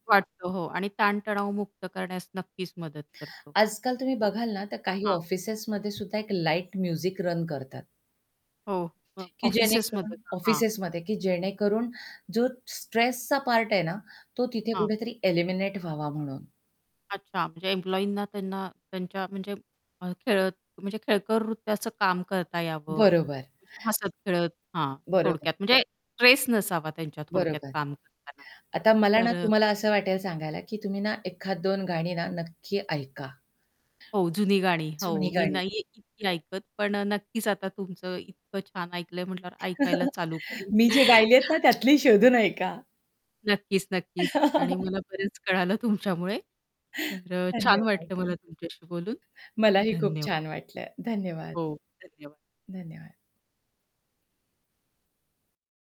वाटतो हो आणि ताण-तणाव मुक्त करण्यास नक्कीच मदत करतो. आजकाल तुम्ही बघाल ना तर काही हां. ऑफिसेसमध्ये सुद्धा एक लाईट म्युझिक रन करतात. हो, अ, की जेणेकरून ऑफिसेसमध्ये ना? हां. ऑफिसेसमध्ये, की जेणेकरून जो स्ट्रेसचा पार्ट आहे ना तो तिथे हां. कुठेतरी एलिमिनेट व्हावा म्हणून. अच्छा म्हणजे एम्प्लॉयींना त्यांना त्यांच्या म्हणजे अ, खेळत म्हणजे खेळकर रीतीचं काम करता यावं. बरोबर. म्हणजे हसत-खेळत हां, बरोबर. थोडक्यात म्हणजे स्ट्रेस नसावा त्यांच्या थोडक्यात बरोबर. काम करताना? आता मला ना तर अ तुम्हाला असं वाटेल सांगायला, की तुम्ही ना एखाद दोन गाणी ना नक्की ऐका. हो, जुनी गाणी हो जुनी मी गाणी. नाहीये इतकी ऐकत. पण नक्कीच आता तुमचं इतकं छान ऐकलंय म्हटल्यावर ऐकायला चालू करेल. मी जे गायली आहेत ना हां. त्यातली शोधून ऐका. नक्कीच, नक्कीच आणि मला बरेच कळालं तुमच्यामुळे. तर छान धन्यवाद. वाटलं मला तुमच्याशी बोलून. मलाही खूप धन्यवाद. छान वाटलंय. धन्यवाद. हो, धन्यवाद. धन्यवाद.